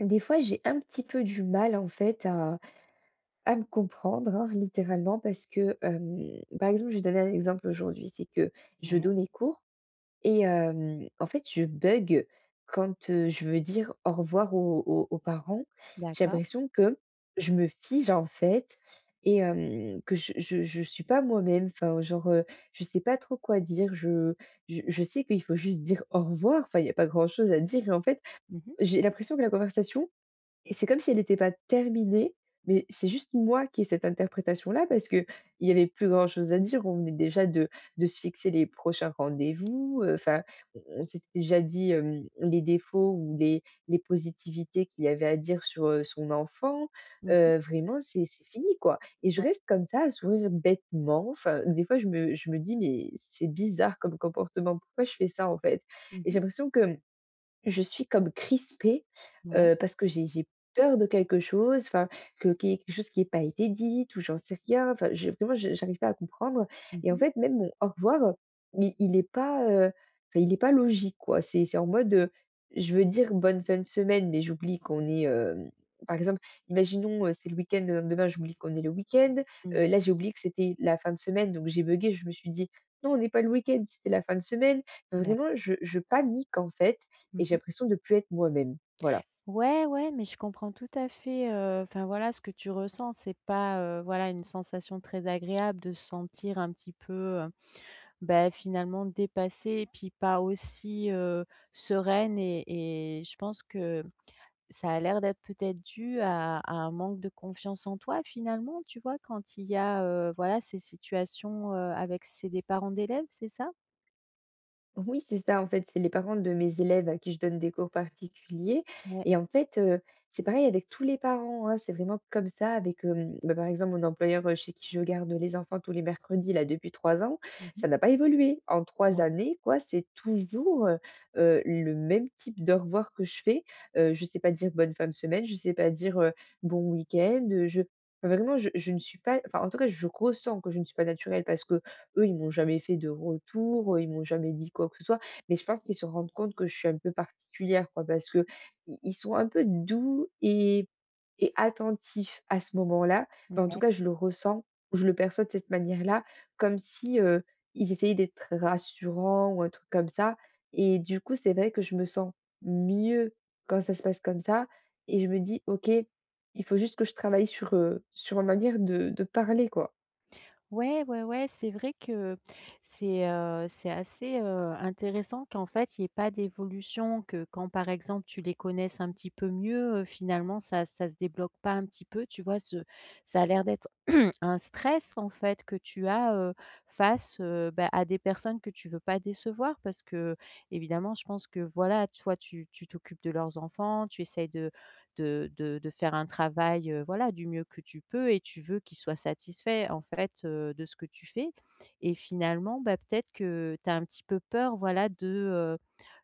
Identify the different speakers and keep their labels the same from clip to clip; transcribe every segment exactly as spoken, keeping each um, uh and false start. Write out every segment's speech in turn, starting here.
Speaker 1: Des fois, j'ai un petit peu du mal, en fait, à à me comprendre, hein, littéralement. Parce que, hem, par exemple, je vais donner un exemple aujourd'hui, c'est que je
Speaker 2: Ouais.
Speaker 1: donnais cours et hem, en fait, je bugge quand, heu, je veux dire: «Au revoir» aux aux aux parents. J'ai
Speaker 2: D'accord.
Speaker 1: l'impression que je me fige, en fait et hem, que je je je suis pas moi-même. Enfin, genre, heu, je sais pas trop quoi dire, je j je sais qu'il faut juste dire: «au revoir», enfin, il y a pas grand chose à dire et en fait,
Speaker 2: Mmh mh.
Speaker 1: j'ai l'impression que la conversation, c'est comme si elle était pas terminée. Mais, c'est juste moi qui ai cette interprétation-là parce qu'il y avait plus grand chose à dire. On venait déjà de de se fixer les prochains rendez-vous, heu, enfin, on on s'est déjà dit, hem, les défauts ou les les positivités qu'il y avait à dire sur, heu, son enfant.
Speaker 2: Mmh mh.
Speaker 1: Heu, vraiment, c'est c'est fini, quoi et je
Speaker 2: Ouais.
Speaker 1: reste comme ça, à sourire bêtement. Enfin, des fois je me je me dis: «Mais c'est bizarre comme comportement, pourquoi je fais ça, en fait?»
Speaker 2: Mmh
Speaker 1: Et j'ai
Speaker 2: mh.
Speaker 1: l'impression que, mmh, je suis comme crispée,
Speaker 2: Ouais.
Speaker 1: heu, parce que j'ai j'ai peur de quelque chose enfin, que qu'il y ait quelque chose qui ait pas été dites ou j'en sais rien. Enfin, je vraiment, je j'arrive pas à comprendre
Speaker 2: Mmh
Speaker 1: et en
Speaker 2: mh.
Speaker 1: fait, même mon «au revoir» mais il est pas, heu, enfin, il est pas logique, quoi. C'est c'est en mode, heu, je veux dire: «Bonne fin de semaine» mais j'oublie qu'on est, hem par exemple, imaginons, heu, c'est le week-end, le lendemain j'oublie qu'on est le week-end.
Speaker 2: Mmh
Speaker 1: Heu,
Speaker 2: mh.
Speaker 1: là, j'ai oublié que c'était la fin de semaine donc j'ai buggé, je me suis dit: «Non, on n'est pas le week-end, c'était la fin de semaine». Non, vraiment,
Speaker 2: D'acc
Speaker 1: je je panique, en fait et
Speaker 2: Mmh
Speaker 1: j'ai
Speaker 2: mh.
Speaker 1: l'impression de plus être moi-même, voilà.
Speaker 2: Ouais, ouais, mais je comprends tout à fait, heu enfin, voilà, ce que tu ressens. C'est pas, heu, voilà, une sensation très agréable de se sentir un petit peu, heu, bah, finalement, dépassée et puis, pas aussi, heu, sereine et et je pense que ça a l'air d'être peut-être dû à à un manque de confiance en toi, finalement, tu vois? Quand il y a, heu, voilà, ces situations, heu, avec c'est des parents d'élèves, c'est ça?
Speaker 1: Oui, c'est ça en fait, c'est les parents de mes élèves à qui je donne des cours particuliers
Speaker 2: Ouais.
Speaker 1: et en fait, heu, c'est pareil avec tous les parents, oh, c'est vraiment comme ça avec, hem bah, par exemple mon employeur, heu, chez qui je garde les enfants tous les mercredis là depuis trois ans,
Speaker 2: Mmh
Speaker 1: ça
Speaker 2: mh.
Speaker 1: n'a pas évolué. En trois
Speaker 2: Ouais.
Speaker 1: années quoi, c'est toujours, heu heu, le même type d'au revoir que je fais. Heu, je sais pas dire «bonne fin de semaine», je sais pas dire, heu, «bon week-end». Heu, je vraiment je je ne suis pas enfin, en tout cas je ressens que je ne suis pas naturelle, parce qu'eux ils m'ont jamais fait de retour. Ils m'ont jamais dit quoi que ce soit. Mais je pense qu'ils se rendent compte que je suis un peu particulière quoi. Parce qu'ils ils sont un peu doux et et attentifs à ce moment-là.
Speaker 2: Mmh
Speaker 1: Enfin, en tout
Speaker 2: ouais.
Speaker 1: cas je le ressens, je le perçois de cette manière-là comme si, heu, ils essayaient d'être rassurants ou un truc comme ça et du coup c'est vrai que je me sens mieux quand ça se passe comme ça et je me dis: «OK, il faut juste que je travaille sur, heu, sur ma manière de de parler quoi.»
Speaker 2: Ouais, ouais, ouais, c'est vrai que c'est, heu, c'est assez, heu, intéressant qu'en fait, il y ait pas d'évolution, que quand par exemple tu les connaisses un petit peu mieux, heu, finalement ça ça se débloque pas un petit peu, tu vois? Ce ça a l'air d'être un stress en fait que tu as, heu, face, heu, bah, à des personnes que tu veux pas décevoir. Parce qu'évidemment je pense que voilà toi tu tu t'occupes de leurs enfants, tu essayes de de de de faire un travail, heu, voilà du mieux que tu peux et tu veux qu'ils soient satisfaits en fait, heu, de ce que tu fais et finalement, bah, peut-être que tu as un petit peu peur voilà de, heu,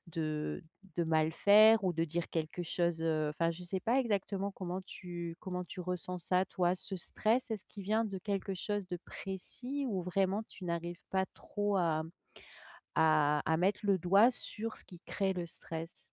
Speaker 2: de de mal faire ou de dire quelque chose, heu enfin je sais pas exactement comment tu comment tu ressens ça toi? Ce stress, est-ce qu'il vient de quelque chose de précis ou vraiment tu n'arrives pas trop à à à mettre le doigt sur ce qui crée le stress?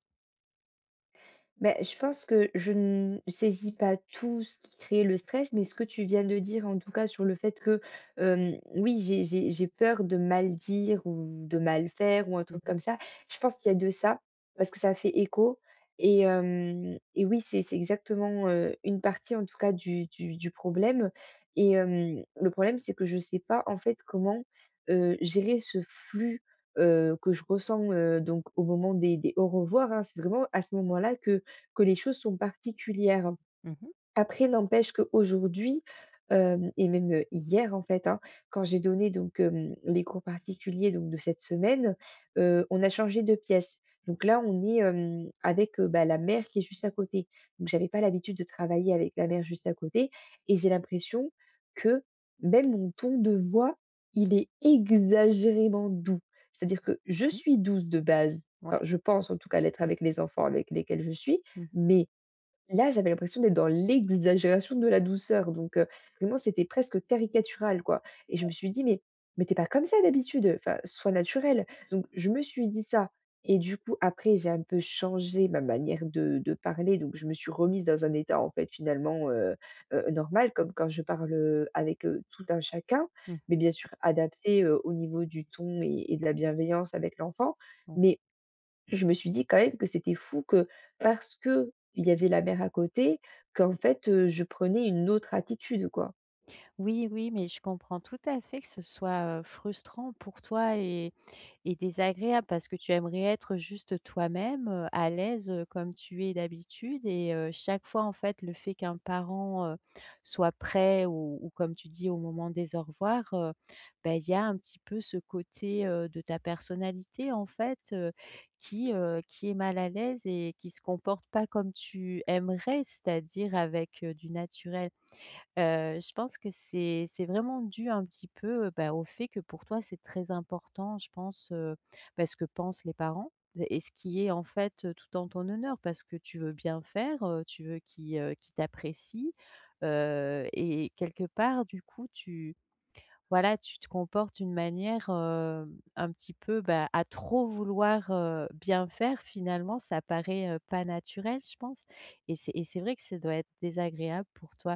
Speaker 1: Beh, je pense que je ne saisis pas tout ce qui crée le stress. Mais, ce que tu viens de dire, en tout cas, sur le fait que, hem, oui, j'ai j'ai j'ai peur de mal dire ou de mal faire ou un
Speaker 2: Mmh
Speaker 1: truc
Speaker 2: mh.
Speaker 1: comme ça. Je pense qu'il y a de ça parce que ça fait écho et hem et oui, c'est c'est exactement, heu, une partie, en tout cas, du du du problème et hem, le problème, c'est que je sais pas, en fait, comment, heu, gérer ce flux, heu, que je ressens, heu, donc au moment des des au revoirs, hein. C'est vraiment à ce moment-là que que les choses sont particulières.
Speaker 2: Mmh mh.
Speaker 1: Après, n'empêche qu'aujourd'hui, hem- et même heu, hier, en fait- hein, quand j'ai donné donc hem, les cours particuliers, donc de cette semaine, heu, on a changé de pièce. Donc là, on est, hem, avec, heu, bah, la mère qui est juste à côté. Donc, j'avais pas l'habitude de travailler avec la mère juste à côté et j'ai l'impression que même mon ton de voix, il est exagérément doux. C'est-à-dire que je
Speaker 2: Mmh.
Speaker 1: suis douce de base.
Speaker 2: Ouais.
Speaker 1: Enfin, je pense, en tout cas, l'être avec les enfants avec lesquels je suis
Speaker 2: Mmh mh.
Speaker 1: mais, là, j'avais l'impression d'être dans l'exagération de la douceur donc heu, vraiment, c'était presque caricatural, quoi et je me
Speaker 2: [unintelligible]
Speaker 1: suis dit: «Mais mais tu es pas comme ça, d'habitude, enfin soit naturelle.» Donc, je me suis dit ça et du coup, après, j'ai un peu changé ma manière de de parler, donc je me suis remise dans un état, en fait, finalement, heu heu, normal comme quand je parle, heu, avec heu, tout un chacun
Speaker 2: Mmh.
Speaker 1: mais bien sûr adapté, heu, au niveau du ton et et de la bienveillance avec l'enfant.
Speaker 2: Mmh.
Speaker 1: Mais je me suis dit, quand même, que c'était fou que parce qu'il y avait la mère à côté, qu'en fait, heu, je prenais une autre attitude, quoi.
Speaker 2: Oui, oui. Mais, je comprends tout à fait que ce soit, heu, frustrant pour toi et et désagréable parce que tu aimerais être juste toi-même, heu, à l'aise, heu, comme tu es d'habitude et heu, chaque fois, en fait, le fait qu'un parent, heu, soit prêt ou ou comme tu dis, au moment des au revoir, heu, bah, il y a un petit peu ce côté, heu, de ta personnalité en fait, heu, qui, heu, qui est mal à l'aise et qui se comporte pas comme tu aimerais. C'est-à-dire avec, heu, du naturel. Heu, je pense que c'est c'est vraiment dû un petit peu, heu, bah, au fait que pour toi c'est très important je pense, heu, bah, ce que pensent les parents et ce qui est en fait, heu, tout en ton honneur parce que tu veux bien faire, heu, tu veux qu'ils, heu, qu'ils t'apprécient. Heu et quelque part du coup tu voilà, tu te comportes d'une manière, hem, un petit peu bah, à trop vouloir, heu, bien faire, finalement, ça paraît, heu, pas naturel je pense et c'est et c'est vrai que ça doit être désagréable pour toi.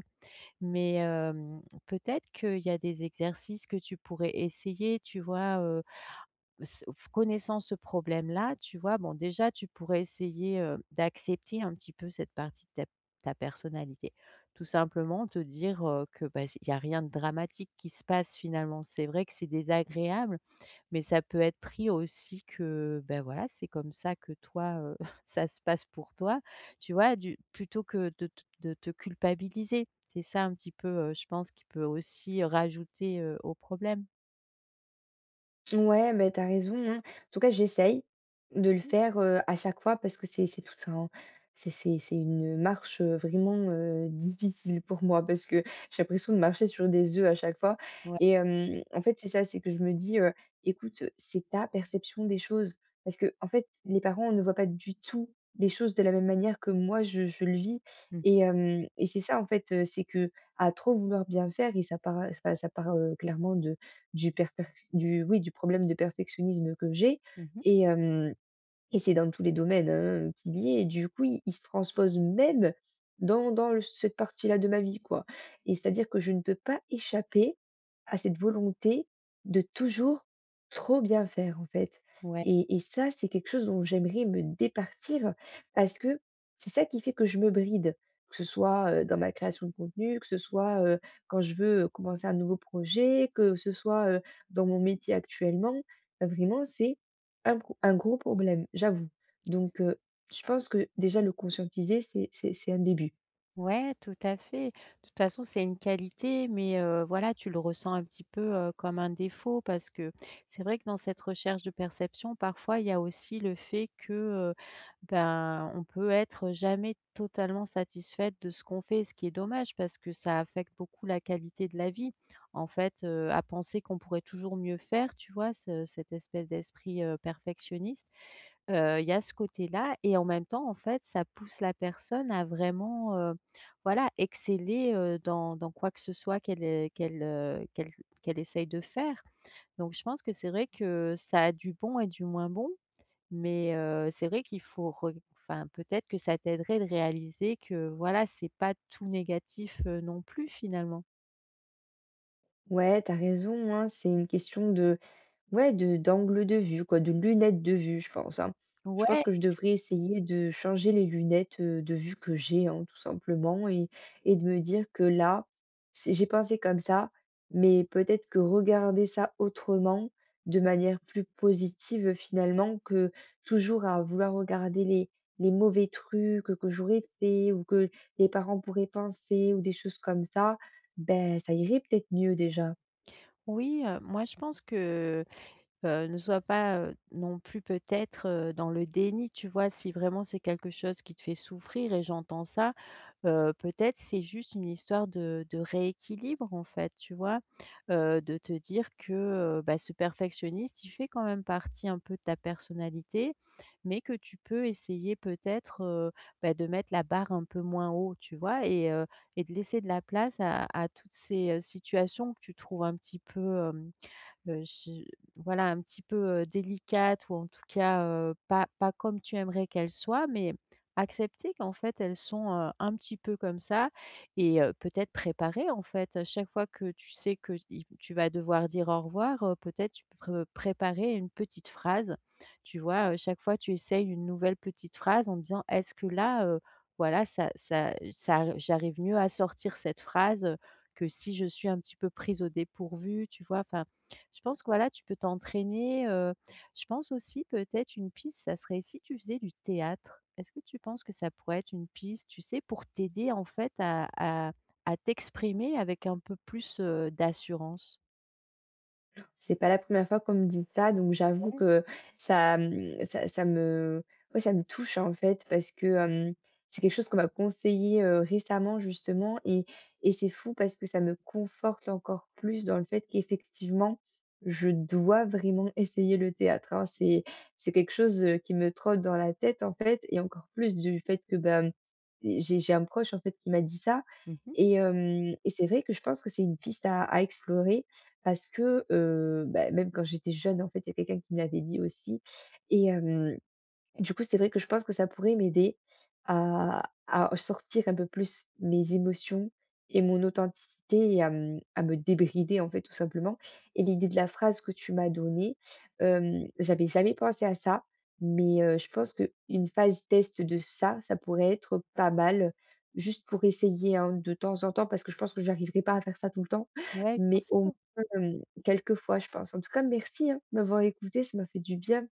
Speaker 2: Mais, hem, peut-être qu'il y a des exercices que tu pourrais essayer, tu vois, heu, s f connaissant ce problème là, tu vois bon déjà tu pourrais essayer, heu, d'accepter un petit peu cette partie de ta p ta personnalité, tout simplement. Te dire, heu, que bah s il y a rien de dramatique qui se passe, finalement. C'est vrai que c'est désagréable mais ça peut être pris aussi que, bah, voilà c'est comme ça que toi, heu ça se passe pour toi, tu vois? Du plutôt que de te de te culpabiliser, c'est ça un petit peu, heu, je pense, qui peut aussi rajouter, heu, au problème.
Speaker 1: Ouais, mais tu as raison, hein. En tout cas, j'essaye de le
Speaker 2: Mmh.
Speaker 1: faire, heu, à chaque fois parce que c'est c'est tout un c'est c'est c'est une marche, heu, vraiment, heu, difficile pour moi parce que j'ai l'impression de marcher sur des œufs à chaque fois
Speaker 2: Ouais.
Speaker 1: et hem, en fait, c'est ça, c'est que je me dis, heu: «Écoute, c'est ta perception des choses», parce qu'en fait, les parents ne voient pas du tout les choses de la même manière que moi je je le vis
Speaker 2: Mmh.
Speaker 1: et hem et c'est ça, en fait, heu, c'est qu'à trop vouloir bien faire et ça part, heu enfin, ça part, heu, clairement de du perfect du, oui, du problème de perfectionnisme que j'ai
Speaker 2: Mmh mh.
Speaker 1: et hem et c'est dans tous les domaines, hein, qu'il y est et du coup, il il se transpose même dans dans l cette partie-là de ma vie, quoi et c'est-à-dire que je ne peux pas échapper à cette volonté de toujours trop bien faire, en fait
Speaker 2: Ouais.
Speaker 1: et et ça, c'est quelque chose dont j'aimerais me départir parce que c'est ça qui fait que je me bride. Que ce soit, heu, dans ma création de contenu, que ce soit, heu, quand je veux, heu, commencer un nouveau projet, que ce soit, heu, dans mon métier actuellement. Vraiment, c'est un pro un gros problème, j'avoue. Donc, heu, je pense que déjà le conscientiser, c'est c'est c'est un début.
Speaker 2: Ouais, tout à fait. Toute façon, c'est une qualité mais, heu, voilà, tu le ressens un petit peu, heu, comme un défaut parce que c'est vrai que dans cette recherche de perception parfois il y a aussi le fait que, heu, ben on peut être jamais totalement satisfaite de ce qu'on fait, ce qui est dommage parce que ça affecte beaucoup la qualité de la vie. En fait, heu, à penser qu'on pourrait toujours mieux faire, tu vois? Ce cette espèce d'esprit, heu, perfectionniste, heu, il y a ce côté-là et en même temps, en fait, ça pousse la personne à vraiment, heu, voilà exceller, heu, dans dans quoi que ce soit qu'elle, heu, qu'elle, heu, qu'elle qu'elle essaie de faire. Donc, je pense que c'est vrai que ça a du bon et du moins bon mais, heu, c'est vrai qu'il faut re enfin, peut-être que ça t'aiderait de réaliser que, voilà, c'est pas tout négatif, heu, non plus, finalement.
Speaker 1: Ouais. Tu as raison hein. C'est une question de ouais, de d'angle de vue quoi, de lunettes de vue, je pense hein. Je pense
Speaker 2: Ouais.
Speaker 1: que je devrais essayer de changer les lunettes, heu, de vue que j'ai hein tout simplement et et de me dire que là, c'est j'ai pensé comme ça mais peut-être que regarder ça autrement, de manière plus positive finalement, que toujours à vouloir regarder les les mauvais trucs que j'aurais fait ou que les parents pourraient penser ou des choses comme ça, beh, ça irait peut-être mieux déjà.
Speaker 2: Oui, heu, moi je pense que heu, ne sois pas, heu, non plus peut-être, heu, dans le déni, tu vois? Si vraiment c'est quelque chose qui te fait souffrir- et j'entends ça- heu, peut-être, c'est juste une histoire de de rééquilibre en fait, tu vois? Heu, de te dire que, heu, bah, ce perfectionniste il fait quand même partie un peu de ta personnalité mais que tu peux essayer peut-être, heu, bah, de mettre la barre un peu moins haut, tu vois? Et heu et de laisser de la place à à toutes ces situations que tu trouves un petit peu, hem, heu, j voilà, un petit peu, heu, délicates ou en tout cas, heu, pas pas comme tu aimerais qu'elles soient. Mais accepter qu'en fait elles sont, heu, un petit peu comme ça et heu, peut-être préparer, en fait, à chaque fois que tu sais qu'il tu vas devoir dire «au revoir» heu, peut-être tu preux préparer une petite phrase, tu vois? Heu, chaque fois tu essayes une nouvelle petite phrase en disant: «Est-ce que là, heu, voilà, ça ça ça j'arrive mieux à sortir cette phrase, heu, que si je suis un petit peu prise au dépourvu» tu vois? Enfin, je pense que, voilà, tu peux t'entraîner, heu, je pense aussi peut-être une piste, ça serait si tu faisais du théâtre? Est-ce que tu penses que ça pourrait être une piste, tu sais? Pour t'aider, en fait, à à à t'exprimer avec un peu plus, heu, d'assurance.
Speaker 1: Ouh là! C'est pas la première fois qu'on me dit ça, donc j'avoue
Speaker 2: Ouais.
Speaker 1: que ça, mmh, ça ça me ouais ça me touche en fait, parce que, hem, c'est quelque chose qu'on m'a conseillé, heu, récemment justement et et c'est fou parce que ça me conforte encore plus dans le fait qu'effectivement, je dois vraiment essayer le théâtre, hein. C'est c'est quelque chose, heu, qui me trotte dans la tête en fait et encore plus du fait que ben, mmh, j'ai j'ai un proche, en fait, qui m'a dit ça
Speaker 2: Mmh mh.
Speaker 1: et hem et c'est vrai que je pense que c'est une piste à à explorer parce que, heu, bah même quand j'étais jeune, en fait, il y a quelqu'un qui me l'avait dit aussi et hem, du coup c'était vrai que je pense que ça pourrait m'aider à à au sortir un peu plus mes émotions et mon authenticité et à, mmh, à me débrider, en fait, tout simplement et l'idée de la phrase que tu m'as donnée, hem, j'avais jamais pensé à ça mais, heu, je pense qu'une phase test de ça, ça pourrait être pas mal juste pour essayer hein de temps en temps parce que je pense que j'arriverai pas à faire ça tout le temps.
Speaker 2: Ouais, bien
Speaker 1: Mais au
Speaker 2: sûr.
Speaker 1: moins, hem, quelques fois, je pense en tout cas, merci hein de m'avoir écoutée, ça m'a fait du bien.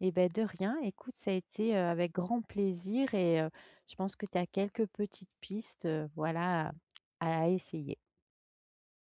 Speaker 2: Et bah de rien. Écoute, ça a été, heu, avec grand plaisir et heu, je pense que tu as quelques petites pistes, heu, voilà, à à essayer.